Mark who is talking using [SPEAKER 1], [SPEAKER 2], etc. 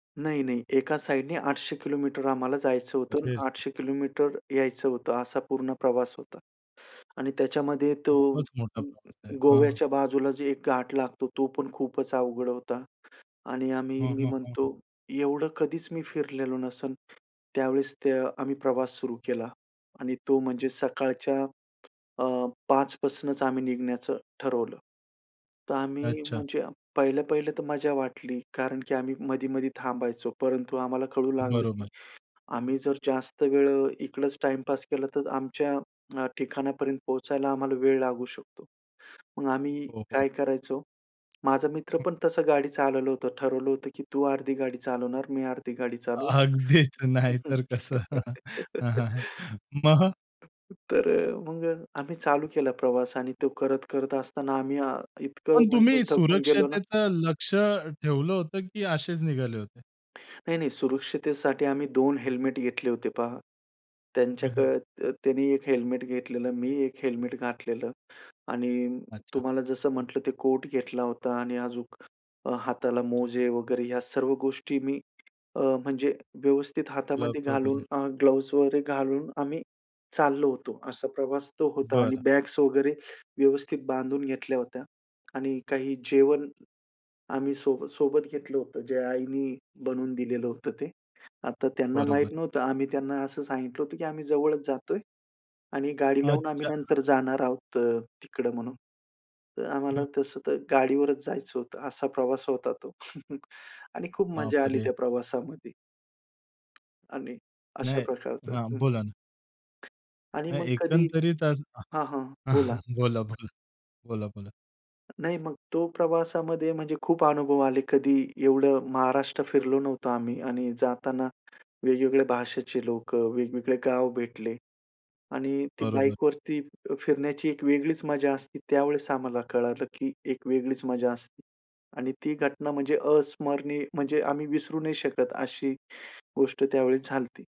[SPEAKER 1] नाही-नाही, एका साइडनी 800 किलोमीटर आम्हाला जायचं होतं आणि
[SPEAKER 2] अरेरे!
[SPEAKER 1] 800 किलोमीटर यायचं होतं, असा पूर्ण प्रवास होता. आणि त्याच्यामध्ये तो
[SPEAKER 2] खूपच मोठा
[SPEAKER 1] अ,
[SPEAKER 2] प्रवास
[SPEAKER 1] अ,
[SPEAKER 2] आहे. हं, हं.
[SPEAKER 1] गोव्याच्या बाजूला जे एक घाट लागतो, तो पण खूपच अवघड होता. आणि आम्ही
[SPEAKER 2] हं,
[SPEAKER 1] मी
[SPEAKER 2] हं, हं,
[SPEAKER 1] म्हणतो
[SPEAKER 2] हं.
[SPEAKER 1] एवढं कधीच मी फिरलेलो नसेन. त्यावेळेस ते आम्ही प्रवास सुरू केला आणि तो म्हणजे सकाळच्या अ, 5 पासूनच आम्ही निघण्याचं ठरवलं. तर आम्ही,
[SPEAKER 2] अच्छा.
[SPEAKER 1] म्हणजे पहिल्या पहिलं तर मज्जा वाटली, कारण की आम्ही मधी-मधी थांबायचो, परंतु आम्हाला कळू लागलं की
[SPEAKER 2] बरोबर.
[SPEAKER 1] आम्ही जर जास्त वेळ इकडच टाईमपास केला तर आमच्या अ, ठिकाणापर्यंत पोहचायला आम्हाला वेळ लागू शकतो. मग आम्ही
[SPEAKER 2] हो, हो.
[SPEAKER 1] काय करायचो, माझा मित्र पण तसं गाडी चालवलं होतं, ठरवलं होतं की तू अर्धी गाडी चालवणार, मी अर्धी गाडी चालवू.
[SPEAKER 2] अगदीच, नाही तर कसं. हं, हं, हं. मग?
[SPEAKER 1] तर अ, मग अ, आम्ही चालू केला प्रवास आणि तो करत-करत असताना आम्ही अ, इतकं
[SPEAKER 2] पण
[SPEAKER 1] म्हणजे
[SPEAKER 2] तुम्ही
[SPEAKER 1] थकून गेलो ना.
[SPEAKER 2] सुरक्षतेचं लक्ष्य ठेवलं होतं की असेच निघाले होते?
[SPEAKER 1] नाही-नाही. सुरक्षितेसाठी आम्ही 2 हेल्मेट घेतले होते पहा.
[SPEAKER 2] हं, हं.
[SPEAKER 1] त्यांच्याकडे त्यां त्यांनी 1 हेल्मेट घेतलेलं, मी 1 हेल्मेट घातलेलं आणि
[SPEAKER 2] अच्छा.
[SPEAKER 1] तुम्हाला जसं म्हटलं ते कोट घेतला होता आणि आजून हाताला मोजे वगैरे या सर्व गोष्टी मी अ, म्हणजे व्यवस्थित हातामध्ये
[SPEAKER 2] क्लब्स
[SPEAKER 1] घालून
[SPEAKER 2] वगैरे.
[SPEAKER 1] अ, ग्लोव्हज वगैरे घालून, आम्ही चाललो होतो. असा प्रवास तो होता. आणि
[SPEAKER 2] बरं.
[SPEAKER 1] बॅग्स वगैरे व्यवस्थित बांधून घेतल्या होत्या आणि काही जेवण आम्ही सोबत-सोबत घेतलं होतं, जे आईनी बनवून दिलेलं होतं ते. आता त्यांना
[SPEAKER 2] बरोबर.
[SPEAKER 1] माहित नव्हतं, आम्ही त्यांना असं सांगितलं होतं की आम्ही जवळच जातोय आणि गाडी लावून आम्ही
[SPEAKER 2] अच्छा.
[SPEAKER 1] नंतर जाणार आहोत अ, तिकडं म्हणून. तर आम्हाला तसं तर गाडीवरच जायचं होतं, असा प्रवास होता तो. आणि खूप मजा आली
[SPEAKER 2] बापरे!
[SPEAKER 1] त्या प्रवासामध्ये. आणि अशा
[SPEAKER 2] नाही
[SPEAKER 1] प्रकारचं
[SPEAKER 2] हां,
[SPEAKER 1] हं.
[SPEAKER 2] बोला ना.
[SPEAKER 1] आणि मग
[SPEAKER 2] नाही,
[SPEAKER 1] कधी
[SPEAKER 2] एकंदरीत असं हं.
[SPEAKER 1] हां, हां. बोला.
[SPEAKER 2] बोला, बोला. बोला, बोला.
[SPEAKER 1] नाही, मग तो प्रवासामध्ये म्हणजे खूप अनुभव आले, कधी एवढं महाराष्ट्र फिरलो नव्हतो आम्ही आणि जाताना वेगवेगळ्या भाषेचे लोकं, वेगवेगळे गाव भेटले. आणि ती
[SPEAKER 2] बरोबर.
[SPEAKER 1] बाईकवरती फि फिरण्याची एक वेगळीच मजा असते, त्यावेळेस आम्हाला कळालं की एक वेगळीच मजा असते. आणि ती घटना म्हणजे अस्मरणीय, म्हणजे आम्ही विसरू नाही शकत अशी गोष्ट त्यावेळेस झाली होती.